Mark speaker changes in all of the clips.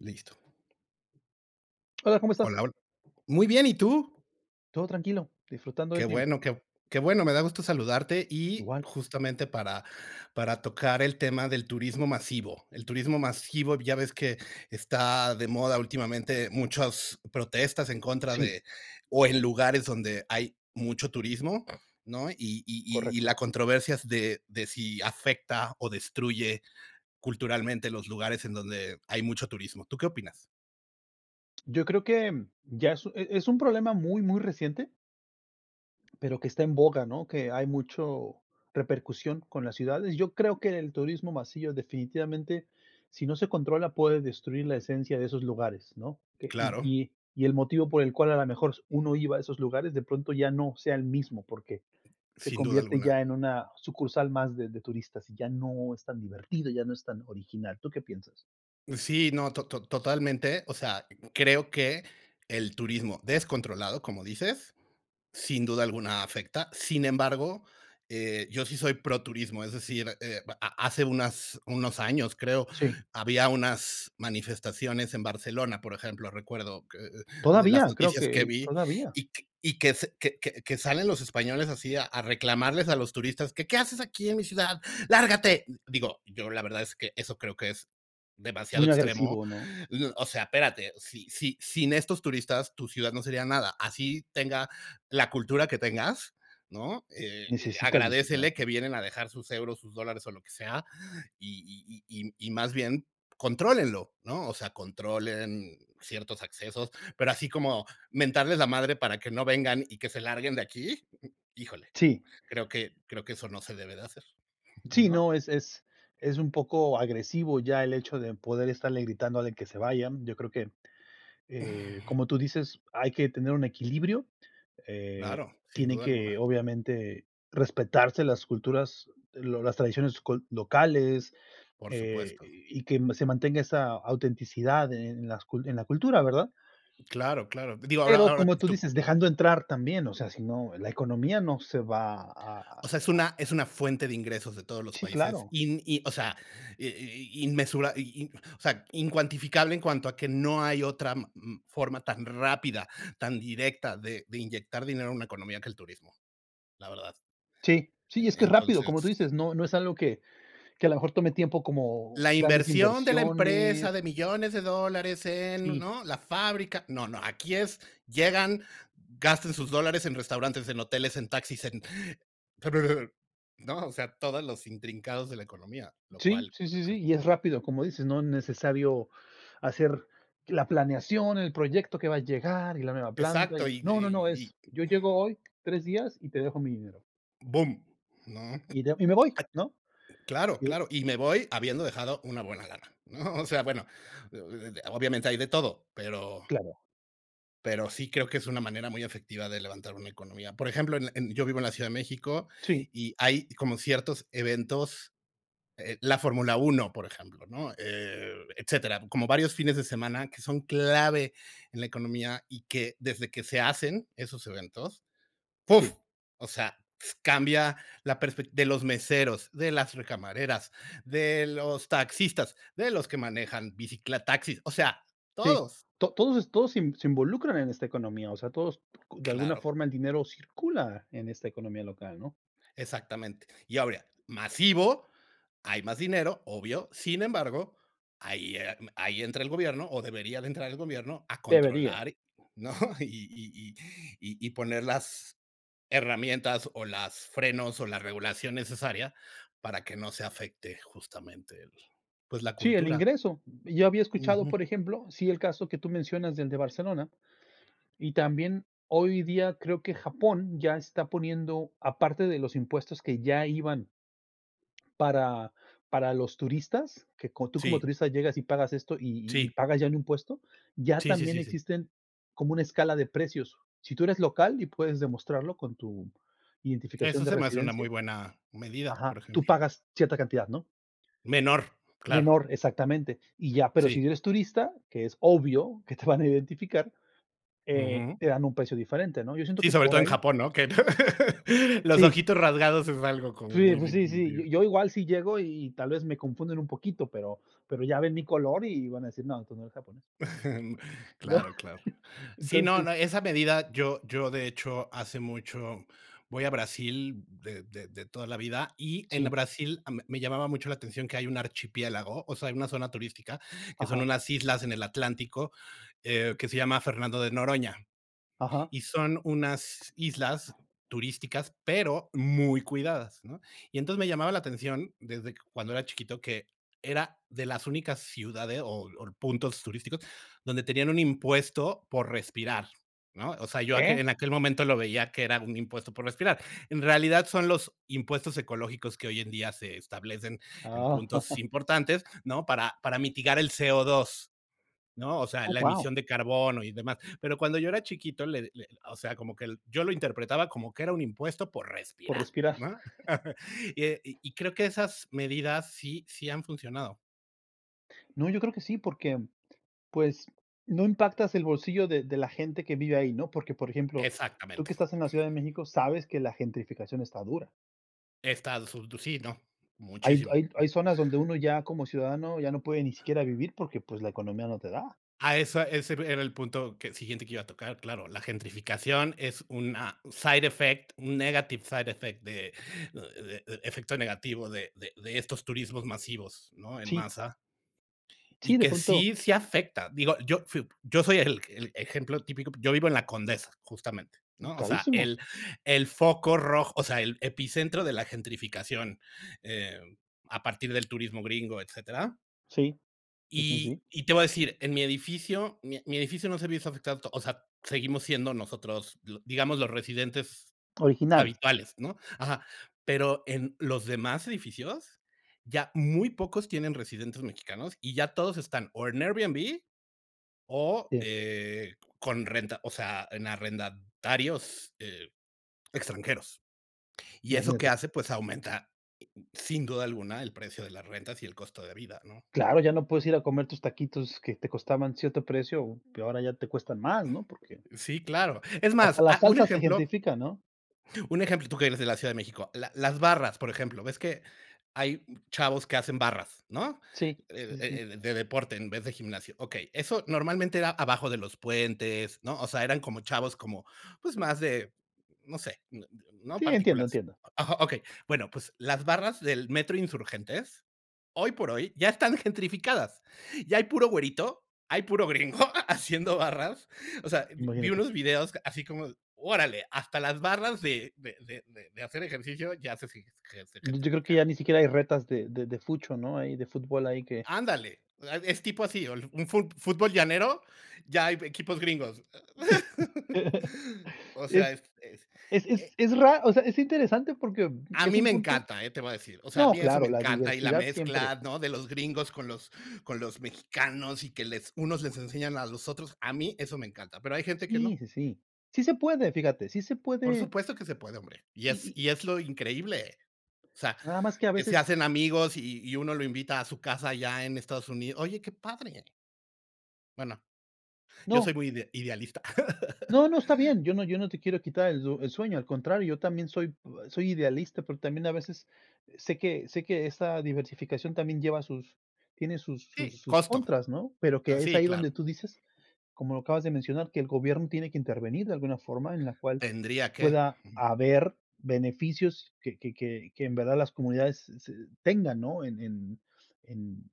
Speaker 1: Listo.
Speaker 2: Hola, ¿cómo estás?
Speaker 1: Hola, hol Muy bien, ¿y tú?
Speaker 2: Todo tranquilo, disfrutando del
Speaker 1: Qué
Speaker 2: clima.
Speaker 1: bueno, qué qué bueno. Me da gusto saludarte, y
Speaker 2: Igual.
Speaker 1: justamente para para tocar el tema del turismo masivo. El turismo masivo ya ves que está de moda últimamente muchas protestas en contra
Speaker 2: Sí.
Speaker 1: de o en lugares donde hay mucho turismo, ¿no? Y y y y la
Speaker 2: Correcto.
Speaker 1: controversias de, de si afecta, o destruye culturalmente los lugares en donde hay mucho turismo. ¿Tú qué opinas?
Speaker 2: Yo creo que ya, e e es un problema muy, muy reciente. Pero, que está en boga, ¿no? Que hay mucho repercusión con las ciudades. Yo creo que el turismo masivo, definitivamente, si no se controla, puede destruir la esencia de esos lugares, ¿no? Que y
Speaker 1: Claro.
Speaker 2: y y el motivo por el cual a la mejor uno iba a esos lugares, de pronto ya no sea el mismo porque se
Speaker 1: Sin duda
Speaker 2: convierte
Speaker 1: alguna.
Speaker 2: ya en una sucursal más de de turistas, y ya no es tan divertido, ya no es tan original, ¿tú qué piensas?
Speaker 1: Y, sí, no, to to totalmente. O sea, creo que el turismo descontrolado, como dices, sin duda alguna afecta. Sin embargo, eh, yo sí soy proturismo, es decir, eh, a a hace unas unos años creo,
Speaker 2: Sí.
Speaker 1: había unas manifestaciones en Barcelona, por ejemplo, recuerdo que, eh, eh, de las
Speaker 2: Todavía, creo
Speaker 1: noticias que
Speaker 2: que
Speaker 1: vi,
Speaker 2: todavía.
Speaker 1: y que, que, que salen los españoles así a, a reclamarles a los turistas que: "¿Qué haces aquí en mi ciudad? ¡Lárgate!". Digo, yo la verdad es que eso creo que es demasiado
Speaker 2: ¿Muy
Speaker 1: extremo.
Speaker 2: agresivo, no?
Speaker 1: Y, o sea, espérate, si si sin estos turistas tu ciudad no sería nada, así tenga la cultura que tengas, ¿no? Eh,
Speaker 2: ¿Necesitas visitar?
Speaker 1: agradécele que vienen a dejar sus euros, sus dólares o lo que sea, Y y y y más bien, contrólenlo, ¿no? O sea, controlen ciertos accesos, pero, así como mentarles la madre para que no vengan y que se larguen de aquí, híjole,
Speaker 2: Sí.
Speaker 1: creo que creo que eso no se debe de hacer,
Speaker 2: Sí,
Speaker 1: ¿no?
Speaker 2: no, es es es un poco agresivo ya el hecho de poder estarle gritando de que se vayan. Yo creo que, eh, como tú dices, hay que tener un equilibrio. Eh,
Speaker 1: Claro, sin
Speaker 2: tiene
Speaker 1: duda alguna.
Speaker 2: que, obviamente, respetarse las culturas, lo las tradiciones cul locales,
Speaker 1: Por
Speaker 2: eh,
Speaker 1: supuesto.
Speaker 2: y que se mantenga esa autenticidad en las en la cultura, ¿verdad?
Speaker 1: Claro, claro. Digo, ahora,
Speaker 2: Pero,
Speaker 1: ahora
Speaker 2: como tú
Speaker 1: tú.
Speaker 2: dices, dejando entrar también, o sea, si no, la economía no se va a a a
Speaker 1: O sea, es una es una fuente de ingresos de todos los
Speaker 2: Sí,
Speaker 1: países
Speaker 2: claro.
Speaker 1: in y, o sea, i in in, inmensura o sea incuantificable en cuanto a que no hay otra ma ma forma tan rápida, tan directa de de inyectar dinero a una economía que el turismo, la verdad.
Speaker 2: Sí, sí,
Speaker 1: E
Speaker 2: y es que es rápido,
Speaker 1: entonces
Speaker 2: como tú dices, no, no es algo que, que a lo mejor tome tiempo como
Speaker 1: La
Speaker 2: grandes
Speaker 1: inversión de la empresa,
Speaker 2: inversiones.
Speaker 1: de millones de dólares en,
Speaker 2: Sí.
Speaker 1: ¿no? La fábrica. No, no, aquí es llegan, gastan sus dólares en restaurantes, en hoteles, en taxis, en pero, [unintelligible] ¿no? O sea, todos los intrincados de la economía, lo
Speaker 2: Sí,
Speaker 1: cual
Speaker 2: sí,
Speaker 1: creo
Speaker 2: sí,
Speaker 1: que
Speaker 2: sí,
Speaker 1: es
Speaker 2: y
Speaker 1: muy
Speaker 2: es
Speaker 1: bueno.
Speaker 2: rápido, como dices, no es necesario hacer la planeación, el proyecto que va a llegar, y la nueva planta, y
Speaker 1: Exacto,
Speaker 2: no,
Speaker 1: y de
Speaker 2: no, no, no.
Speaker 1: y y
Speaker 2: Es,
Speaker 1: que
Speaker 2: yo llego hoy 3 días, y te dejo mi dinero.
Speaker 1: ¡Bum! ¿No?
Speaker 2: Y do y me voy,
Speaker 1: A
Speaker 2: ¿no?
Speaker 1: claro,
Speaker 2: Yo
Speaker 1: claro, y me voy habiendo dejado una buena lana, ¿no? O sea, bueno, obviamente hay de todo, pero,
Speaker 2: Claro.
Speaker 1: pero sí creo que es una manera muy efectiva de levantar una economía. Por ejemplo, en, en yo vivo en la Ciudad de México,
Speaker 2: Sí.
Speaker 1: y hay como ciertos eventos, eh, La Fórmula 1, por ejemplo, ¿no? Eh, etcétera. Como varios fines de semana que son clave en la economía, y que desde que se hacen esos eventos, ¡puf!
Speaker 2: Uf.
Speaker 1: O sea, pues, cambia la perspec de los meseros, de las recamareras, de los taxistas, de los que manejan bicitaxi, o sea,
Speaker 2: Sí,
Speaker 1: todos.
Speaker 2: to todos todos se, se involucran en esta economía. O sea, todos [unintelligible] de alguna
Speaker 1: Claro.
Speaker 2: forma el dinero circula en esta economía local, ¿no?
Speaker 1: Exactamente. Y obvia masivo, hay más dinero, obvio. Sin embargo, ahí, ahí entra el gobierno, o debería de entrar el gobierno a
Speaker 2: Debería.
Speaker 1: controlar, ¿no? Y y y y poner las herramientas o las frenos, o la regulación necesaria para que no se afecte justamente el pues, la
Speaker 2: Sí, el
Speaker 1: cultura.
Speaker 2: ingreso. Yo había escuchado,
Speaker 1: Ujú.
Speaker 2: por ejemplo, sí, el caso que tú mencionas del de Barcelona, y también hoy día creo que Japón ya está poniendo aparte de los impuestos que ya iban para, para los turistas, que como tú como
Speaker 1: Sí.
Speaker 2: turista llegas y pagas esto, y, y
Speaker 1: Sí.
Speaker 2: pagas ya un impuesto, ya
Speaker 1: Sí, sí,
Speaker 2: también
Speaker 1: sí, sí.
Speaker 2: existen como una escala de precios. Sí, tú eres local y puedes demostrarlo con tu identificación
Speaker 1: Eso
Speaker 2: de
Speaker 1: se me hace una
Speaker 2: residencia
Speaker 1: muy buena medida,
Speaker 2: Ajá.
Speaker 1: por
Speaker 2: Tú
Speaker 1: ejemplo.
Speaker 2: pagas cierta cantidad, ¿no?
Speaker 1: Menor, claro.
Speaker 2: Menor, exactamente. Y ya, pero, si
Speaker 1: Sí.
Speaker 2: no eres turista, que es obvio que te van a identificar, eh,
Speaker 1: Ujú.
Speaker 2: te dan un precio diferente, ¿no? Yo siento
Speaker 1: Sí,
Speaker 2: que
Speaker 1: sobre
Speaker 2: por
Speaker 1: todo en
Speaker 2: ahí
Speaker 1: Japón, ¿no? Que los
Speaker 2: Sí.
Speaker 1: ojitos rasgados es algo como
Speaker 2: Sí,
Speaker 1: muy
Speaker 2: pues sí, sí.
Speaker 1: distintivo.
Speaker 2: Yo igual si llego, y tal vez me confunden un poquito, pero, pero ya ven mi color, y van a decir: "No, tu no eres japonés". ¿No?
Speaker 1: Claro, claro. Sí, no, no,
Speaker 2: Entonces
Speaker 1: esa medida yo, yo de hecho hace mucho voy a Brasil, de de de toda la vida, y en
Speaker 2: Sí.
Speaker 1: Brasil m me llamaba mucho la atención que hay un archipiélago. O sea, hay una zona turística que son
Speaker 2: Ajá.
Speaker 1: unas islas en el Atlántico, que se llama Fernando de Noroña.
Speaker 2: Ajá.
Speaker 1: Y son unas islas turísticas, pero muy cuidadas, ¿no? Y entonces me llamaba la atención desde cuando era chiquito, que era de las únicas ciudades, o o puntos turísticos, donde tenían un impuesto por respirar, ¿no? O sea, yo a que
Speaker 2: ¿Que?
Speaker 1: en aquel momento lo veía que era un impuesto por respirar. En realidad, son los impuestos ecológicos que hoy en día se establecen en
Speaker 2: Ah.
Speaker 1: puntos importantes, ¿no? Para para mitigar el CO2, ¿no? O sea,
Speaker 2: ¡Oh,
Speaker 1: la
Speaker 2: wao!
Speaker 1: emisión de carbono y demás. Pero cuando yo era chiquito, le le o sea, como que el yo lo interpretaba como que era un impuesto por
Speaker 2: Por
Speaker 1: respirar,
Speaker 2: respirar.
Speaker 1: ¿no? Y y y, ah, creo que esas medidas sí sí han funcionado.
Speaker 2: No, yo creo que sí, porque, pues, no impactas el bolsillo de de la gente que vive ahí, ¿no? Porque, por ejemplo, tú que
Speaker 1: Exactamente.
Speaker 2: estás en la Ciudad de México, sabes que la gentrificación está dura.
Speaker 1: Estados [unintelligible] sí, ¿no?
Speaker 2: Hay
Speaker 1: Muchísimo.
Speaker 2: hay hay zonas donde uno ya como ciudadano, ya no puede ni siquiera vivir porque, pues, la economía no te da.
Speaker 1: A esa ese, era el punto que siguiente que iba a tocar, claro, la gentrificación es una side effect, un negative side effect, de eh, efecto negativo de de de estos turismos masivos, ¿no? en
Speaker 2: Sí.
Speaker 1: masa. Y
Speaker 2: Sí, de
Speaker 1: que
Speaker 2: pronto
Speaker 1: sí, sí afecta. Digo, yo fui yo soy el el ejemplo típico, yo vivo en La Condesa, justamente, ¿no? O sea,
Speaker 2: Carísimo.
Speaker 1: el el foco rojo, o sea, el epicentro de la gentrificación, eh, a partir del turismo gringo, etcétera.
Speaker 2: Sí. Sí, sí,
Speaker 1: Y
Speaker 2: sí.
Speaker 1: y te voy a decir, en mi edificio, mi mi edificio no se ha visto afectado to o sea, seguimos siendo nosotros, di digamos, los residentes
Speaker 2: Originales.
Speaker 1: habituales, ¿no? Ajá. Pero, en los demás edificios, ya muy pocos tienen residentes mexicanos y ya todos están o en Airbnb, o,
Speaker 2: Sí.
Speaker 1: eh, con renta, o sea, en arrendatarios, eh, extranjeros, ¿y eso qué
Speaker 2: Imagínate.
Speaker 1: hace? Pues aumenta, sin duda alguna, el precio de las rentas y el costo de vida, ¿no?
Speaker 2: Claro, ya no puedes ir a comer tus taquitos, que te costaban cierto precio, que ahora ya te cuestan más, ¿no? Porque
Speaker 1: Sí, claro. Es
Speaker 2: hasta
Speaker 1: más,
Speaker 2: la
Speaker 1: ah, un
Speaker 2: salsa se
Speaker 1: ejemplo
Speaker 2: gentifica, ¿no?
Speaker 1: un ejemplo, tú que eres de la Ciudad de México. La las barras, por ejemplo, ves que hay chavos que hacen barras, ¿no?
Speaker 2: Sí, sí,
Speaker 1: Eh
Speaker 2: sí, sí.
Speaker 1: eh, de deporte en vez de gimnasio. Okey, eso normalmente era abajo de los puentes, ¿no? O sea, eran como chavos, como, pues, más de, no sé, ¿no?
Speaker 2: Sí, entiendo
Speaker 1: Particulares.
Speaker 2: entiendo.
Speaker 1: Ajá, okey, bueno, pues, las barras del Metro Insurgentes, hoy por hoy, ya están gentrificadas, ya hay puro güerito, hay puro gringo ha haciendo barras. O sea, vi vi
Speaker 2: Imagínate.
Speaker 1: unos videos así como: "¡Órale! Hasta las barras de de de de hacer ejercicio ya se se ge se
Speaker 2: Yo yo creo, que
Speaker 1: gentrificaron".
Speaker 2: ya ni siquiera hay retas de de de Fucho, ¿no? Ahí de fútbol, ahí que
Speaker 1: ¡Ándale! la eh, es tipo así, un fut fútbol llanero, ya hay equipos gringos. O
Speaker 2: Es
Speaker 1: sea, es es,
Speaker 2: es es
Speaker 1: eh
Speaker 2: es ra o sea es interesante, porque,
Speaker 1: A
Speaker 2: es
Speaker 1: mí
Speaker 2: un
Speaker 1: me
Speaker 2: punto.
Speaker 1: encanta, ¿eh? Te lo voy a decir. O sea, a
Speaker 2: No,
Speaker 1: mí eso
Speaker 2: claro,
Speaker 1: me
Speaker 2: la
Speaker 1: encanta. Y la
Speaker 2: diversidad siempre.
Speaker 1: mezcla, ¿no?, de los gringos con los con los mexicanos y que les unos les enseñan a los otros. A mí eso me encanta, pero, hay gente que no.
Speaker 2: Sí, sí, sí. Sí se puede, fíjate, sí se
Speaker 1: Por
Speaker 2: puede.
Speaker 1: supuesto que se puede, hombre, y
Speaker 2: Y
Speaker 1: es
Speaker 2: y
Speaker 1: y es lo increíble. O sea,
Speaker 2: Nada más que a
Speaker 1: que se
Speaker 2: veces.
Speaker 1: hacen amigos y y uno lo invita a su casa allá en Estados Unidos. ¡Oye, qué padre! Bueno, yo
Speaker 2: ¡No!
Speaker 1: soy muy ide idealista.
Speaker 2: No no, está bien, yo no yo no te quiero quitar el el sueño, al contrario, yo también soy p soy idealista, pero, también a veces sé que sé que esa diversificación también lleva sus tiene sus sus
Speaker 1: Sí,
Speaker 2: sus
Speaker 1: costo.
Speaker 2: contras, ¿no? Pero,
Speaker 1: Ah
Speaker 2: que es
Speaker 1: sí,
Speaker 2: ahí donde
Speaker 1: claro.
Speaker 2: tú dices, como lo acabas de mencionar, que el gobierno tiene que intervenir de alguna forma, en la cual
Speaker 1: Tendría que,
Speaker 2: pueda
Speaker 1: ujú.
Speaker 2: haber beneficios que que que que en verdad las comunidades tengan, ¿no? En en en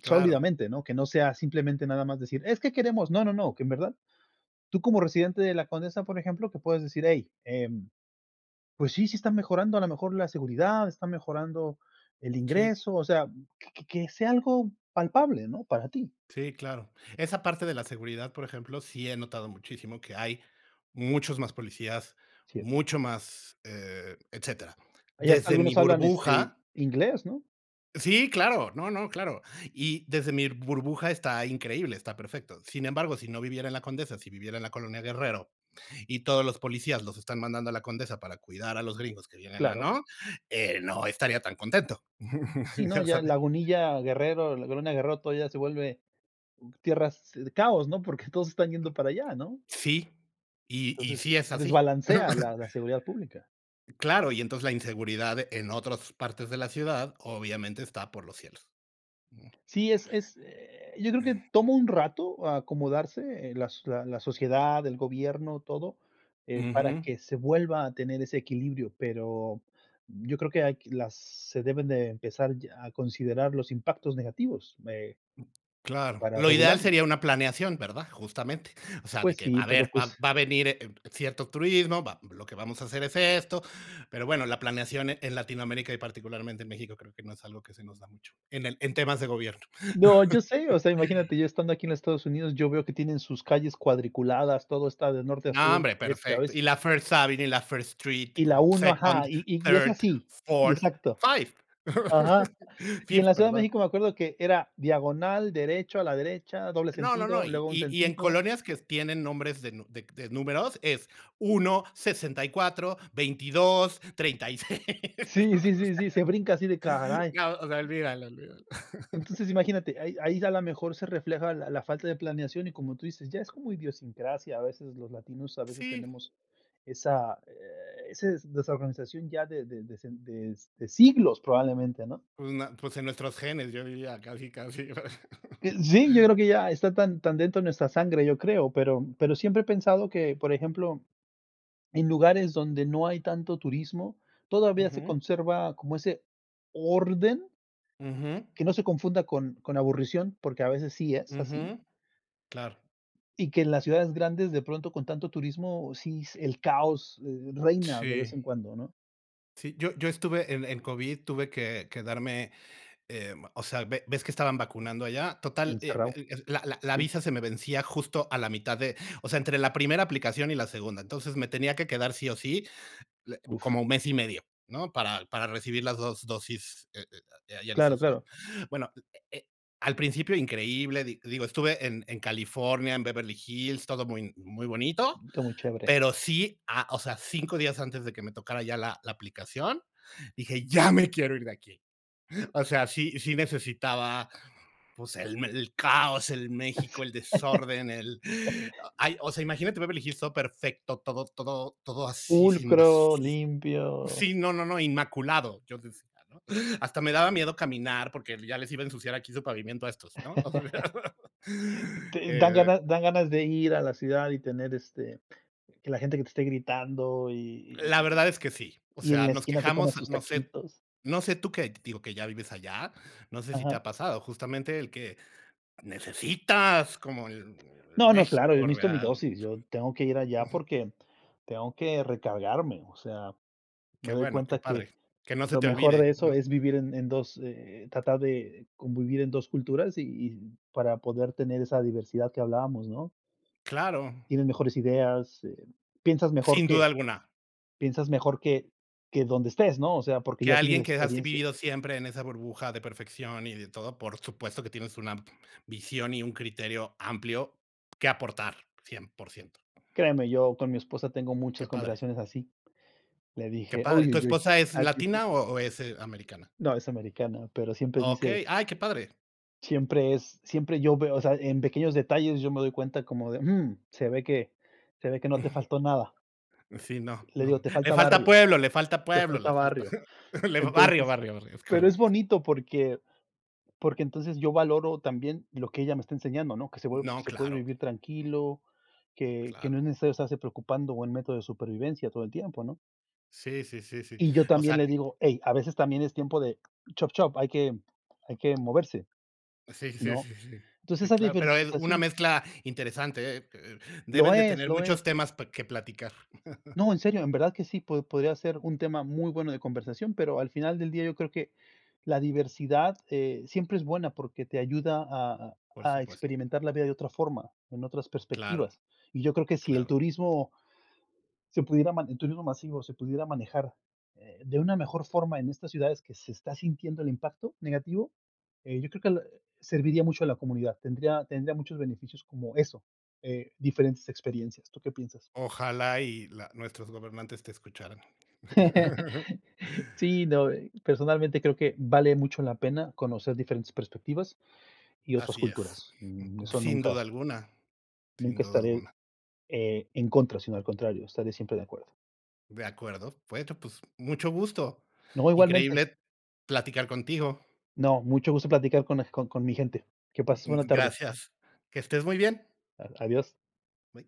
Speaker 1: Claro.
Speaker 2: ¿no? Que no sea simplemente nada más decir: "Es que queremos", no, no, no, que en verdad tú, como residente de la Condesa, por ejemplo, que puedes decir: "Hey, em, pues sí, sí está mejorando a lo mejor la seguridad, está mejorando el
Speaker 1: Sí.
Speaker 2: ingreso", o sea, que que sea algo palpable, ¿no?, para ti.
Speaker 1: Sí, claro. Esa parte de la seguridad, por ejemplo, sí he notado muchísimo, que hay muchos más policías,
Speaker 2: Sí.
Speaker 1: mucho más, eh, etcétera.
Speaker 2: Allá hasta
Speaker 1: Desde mi
Speaker 2: algunos hablan, este,
Speaker 1: burbuja
Speaker 2: inglés, ¿no?
Speaker 1: Sí, claro, no, no, claro. Y desde mi burbuja, está increíble, está perfecto. Sin embargo, si no viviera en la Condesa, si viviera en la Colonia Guerrero, y todos los policías los están mandando a la Condesa para cuidar a los gringos que vienen a,
Speaker 2: Claro.
Speaker 1: ¿no? Eh, no estaría tan contento.
Speaker 2: Sí no,
Speaker 1: Ya
Speaker 2: ya
Speaker 1: sabes.
Speaker 2: Lagunilla, Guerrero, la Colonia Guerrero todavía se vuelve tierras de caos, ¿no? Porque, todos están yendo para allá, ¿no?
Speaker 1: Sí, y y
Speaker 2: Entonces,
Speaker 1: sí es
Speaker 2: se
Speaker 1: así.
Speaker 2: desbalancea la la seguridad pública.
Speaker 1: Claro, y entonces, la inseguridad en otras partes de la ciudad obviamente está por los cielos. Ujú.
Speaker 2: Sí, es es, eh, yo creo que tomo un rato acomodarse, eh, las la la sociedad, el gobierno, todo, eh, para
Speaker 1: Ujú.
Speaker 2: que se vuelva a tener ese equilibrio, pero, yo creo que hay que las se deben de empezar ya a considerar los impactos negativos, eh
Speaker 1: Claro.
Speaker 2: para
Speaker 1: Lo ideal
Speaker 2: regularlos.
Speaker 1: sería una planeación, ¿verdad? Justamente, o sea, de
Speaker 2: Pues
Speaker 1: que:
Speaker 2: sí,
Speaker 1: "A
Speaker 2: pero,
Speaker 1: ver, va
Speaker 2: pues
Speaker 1: a venir, eh, cierto turismo, va lo que vamos a hacer es esto, pero bueno", la planeación, eh, en Latinoamérica y particularmente en México, creo que no es algo que se nos da mucho, en el en temas de gobierno.
Speaker 2: No, yo sé, o sea, imagínate, yo estando aquí en Estados Unidos, yo veo que tienen sus calles cuadriculadas, todo está de norte a
Speaker 1: No,
Speaker 2: sur,
Speaker 1: hombre,
Speaker 2: este a
Speaker 1: perfecto. Y
Speaker 2: oeste.
Speaker 1: la First Avenue y la First Street,
Speaker 2: Y la 1, ajá,
Speaker 1: second,
Speaker 2: y y y es
Speaker 1: thirth,
Speaker 2: así, y
Speaker 1: fourth,
Speaker 2: exacto.
Speaker 1: five,
Speaker 2: Ajá. Y en
Speaker 1: fifth,
Speaker 2: la Ciudad de
Speaker 1: perdón.
Speaker 2: México, me acuerdo que era diagonal derecho, a la derecha, doble
Speaker 1: No, no, no.
Speaker 2: sentido,
Speaker 1: Y
Speaker 2: luego un
Speaker 1: y en
Speaker 2: sentido.
Speaker 1: colonias que tienen nombres de de números es 1, 64, 22, 36.
Speaker 2: Sí, sí, sí, sí, se brinca así de ¡Caray!
Speaker 1: No, o sea, olvídalo, olvídalo.
Speaker 2: Entonces, imagínate, ahí ahí ya a lo mejor se refleja la la falta de planeación y, como tú dices, ya es como idiosincrasia, a veces los latinos, a veces
Speaker 1: Sí.
Speaker 2: tenemos esa, eh, ese desorganización ya de de de de siglos probablemente, ¿no?
Speaker 1: Pues na pues, en nuestros genes, yo diría casi casi. O sea.
Speaker 2: Eh, sí, yo creo que ya está tan tan dentro de nuestra sangre, yo creo, pero pero, siempre he pensado que, por ejemplo, en lugares donde no hay tanto turismo, todavía se
Speaker 1: Ujú.
Speaker 2: conserva como ese orden.
Speaker 1: Ujú.
Speaker 2: Que no se confunda con con la aburrición, porque, a veces sí es así.
Speaker 1: Ujú. Claro.
Speaker 2: Y que en las ciudades grandes, de pronto, con tanto turismo, sí se el caos reina, de vez
Speaker 1: Sí.
Speaker 2: en cuando, ¿no?
Speaker 1: Sí, yo yo estuve en en COVID, tuve que quedarme, em, o sea, ¿ve ves que estaban vacunando allá? Total, eh
Speaker 2: Encerrado.
Speaker 1: eh, la la la
Speaker 2: Sí.
Speaker 1: visa se me vencía justo a la mitad de o sea, entre la primera aplicación y la segunda. Entonces, me tenía que quedar sí o sí
Speaker 2: Uf.
Speaker 1: como mes y medio, ¿no?, para para recibir las 2, dosis, eh eh, de ahí allá en
Speaker 2: Claro,
Speaker 1: Estados Unidos.
Speaker 2: claro.
Speaker 1: Bueno, al eh eh, al principio increíble, di digo, estuve en en California, en Beverly Hills, todo muy muy bonito,
Speaker 2: Todo muy chévere.
Speaker 1: pero, sí, ah, o sea, 5 días antes de que me tocara ya la la aplicación, dije: "¡Ya me quiero ir de aquí". O sea, sí sí necesitaba, pues, el el caos, el México, el desorden, el ay o sea, imagínate Beverly Hills todo perfecto, todo todo todo así, sin basura.
Speaker 2: Pulcro, limpio.
Speaker 1: Sí, no no no, inmaculado, yo decía, ¿no? Hasta me daba miedo caminar, porque, ya les iba a ensuciar aquí su pavimento a estos, ¿no?
Speaker 2: Dan
Speaker 1: Eh. [unintelligible]
Speaker 2: ganas dan ganas de ir a la ciudad y tener, este, que la gente que te esté gritando, y y
Speaker 1: La verdad es que sí. O
Speaker 2: y y y en
Speaker 1: sea,
Speaker 2: la
Speaker 1: nos
Speaker 2: esquina te coma
Speaker 1: quejamos,
Speaker 2: sus
Speaker 1: no sé
Speaker 2: taquitos.
Speaker 1: no sé tú qué, digo, que ya vives allá, ¿no sé si te
Speaker 2: Ajá.
Speaker 1: ha pasado? Justamente el que necesitas, como el
Speaker 2: No, no, claro, yo
Speaker 1: México
Speaker 2: necesito mi
Speaker 1: real.
Speaker 2: dosis, yo tengo que ir allá porque, tengo que recargarme, o sea,
Speaker 1: ¡Qué
Speaker 2: me doy
Speaker 1: bueno,
Speaker 2: cuenta
Speaker 1: qué padre!
Speaker 2: que
Speaker 1: Que no se
Speaker 2: lo
Speaker 1: te
Speaker 2: mejor
Speaker 1: olvide,
Speaker 2: de eso
Speaker 1: ¿no?
Speaker 2: es vivir en en 2, eh, tratar de convivir en 2, culturas y y para poder tener esa diversidad que hablábamos, ¿no?
Speaker 1: Claro.
Speaker 2: Tienes mejores ideas, eh, piensas mejor
Speaker 1: Sin
Speaker 2: que
Speaker 1: duda alguna.
Speaker 2: piensas mejor que que donde estés, ¿no? O sea, porque
Speaker 1: Que
Speaker 2: ya tiene la
Speaker 1: alguien, que has
Speaker 2: experiencia.
Speaker 1: vivido siempre en esa burbuja de perfección y de todo, por supuesto, que tienes una visión y un criterio amplio que aportar 100%
Speaker 2: Créame, yo con mi esposa tengo
Speaker 1: ¡Qué
Speaker 2: muchas
Speaker 1: padre!
Speaker 2: conversaciones así. Le
Speaker 1: ¡Qué
Speaker 2: dije:
Speaker 1: padre!
Speaker 2: "Uy,
Speaker 1: ¿Tu
Speaker 2: uy, uy.
Speaker 1: esposa es
Speaker 2: [unintelligible]
Speaker 1: latina o o es, eh, americana?
Speaker 2: No, es americana, pero, siempre dice
Speaker 1: Okey. Ay, ¡qué padre!
Speaker 2: Siempre es siempre yo veo, o sea, en pequeños detalles, yo me doy cuenta como de: "Mm, se ve que se ve que no te faltó nada".
Speaker 1: Sí, no
Speaker 2: Le
Speaker 1: no.
Speaker 2: digo: "te
Speaker 1: Le
Speaker 2: falta
Speaker 1: falta
Speaker 2: barrio,
Speaker 1: pueblo le falta
Speaker 2: te
Speaker 1: pueblo,
Speaker 2: falta
Speaker 1: le falta
Speaker 2: barrio".
Speaker 1: le fa barrio,
Speaker 2: Entonces,
Speaker 1: barrio, barrio, es
Speaker 2: pero, es
Speaker 1: correcto.
Speaker 2: bonito porque porque entonces yo valoro también lo que ella me está enseñando, ¿no? Que se
Speaker 1: No,
Speaker 2: se puede
Speaker 1: claro.
Speaker 2: vivir tranquilo,
Speaker 1: Mm,
Speaker 2: que que
Speaker 1: claro.
Speaker 2: no es necesario estarse preocupando, o en método de supervivencia todo el tiempo, ¿no?
Speaker 1: Sí, sí, sí, sí.
Speaker 2: Y yo
Speaker 1: O
Speaker 2: también
Speaker 1: sea
Speaker 2: le digo: "Hey, a veces también es tiempo de, chop, chop, hay que hay que moverse",
Speaker 1: Sí, sí, sí,
Speaker 2: ¿no?
Speaker 1: sí, si.
Speaker 2: Entonces
Speaker 1: Sí,
Speaker 2: esa
Speaker 1: claro, pero, eh, una
Speaker 2: diversificación
Speaker 1: mezcla interesante. Eh eh,
Speaker 2: Lo
Speaker 1: deben de
Speaker 2: es,
Speaker 1: tener
Speaker 2: lo es.
Speaker 1: muchos temas pa que platicar.
Speaker 2: No, en serio, en verdad que sí, po podría ser un tema muy bueno de conversación, pero, al final del día yo creo que la diversidad, eh, siempre es buena, porque, te ayuda a a
Speaker 1: Por
Speaker 2: a
Speaker 1: supuesto.
Speaker 2: experimentar la vida de otra forma, en otras
Speaker 1: Claro,
Speaker 2: perspectivas. Y yo creo que sí el
Speaker 1: claro.
Speaker 2: turismo se pudiera, el turismo masivo, se pudiera manejar, eh, de una mejor forma en estas ciudades que se está sintiendo el impacto negativo, eh, yo creo que serviría mucho a la comunidad, tendría tendría muchos beneficios como eso, eh, diferentes experiencias, ¿tú qué piensas?
Speaker 1: Ojalá y la nuestros gobernantes te escucharan.
Speaker 2: Sí, no, eh, personalmente creo que vale mucho la pena, conocer diferentes perspectivas y otras
Speaker 1: Así es.
Speaker 2: culturas, mm, eso
Speaker 1: Sin duda
Speaker 2: nunca
Speaker 1: alguna, sin
Speaker 2: nunca
Speaker 1: duda
Speaker 2: estaré,
Speaker 1: alguna.
Speaker 2: eh, en contra, sino al contrario, estaré siempre de acuerdo.
Speaker 1: De acuerdo. Bueno, pues, mucho gusto.
Speaker 2: No, igualmente.
Speaker 1: Increíble platicar contigo.
Speaker 2: No, mucho gusto platicar, con eg con con mi gente. Que pases buena
Speaker 1: Mm,
Speaker 2: tarde.
Speaker 1: gracias. ¡Que estés muy bien!
Speaker 2: A adiós.
Speaker 1: Bye.